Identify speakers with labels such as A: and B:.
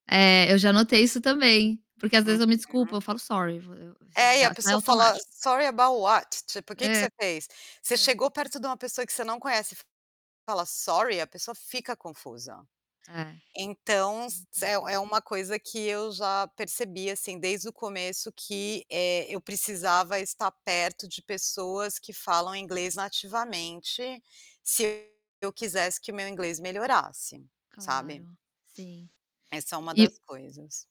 A: É, eu já notei isso também, porque às vezes eu me
B: Uhum.
A: desculpa, eu falo: "Sorry." Eu eu assim,
B: É, e
A: já
B: a
A: sai
B: pessoa fala:
A: automático.
B: "Sorry about what?" ti tipo, que que
A: Eh
B: você fez? Você
A: é.
B: chegou perto de uma pessoa que você não conhece e, fala: "Sorry." a pessoa fica confusa.
A: É, é
B: Então, se é
A: verdade.
B: é uma coisa que eu já percebi assim, desde o começo que, eh, eu precisava estar perto de pessoas que falam inglês nativamente, se eu quisesse que o meu inglês melhorasse, sabe?
A: Claro, sim.
B: Essa é uma das
A: Eh
B: coisas.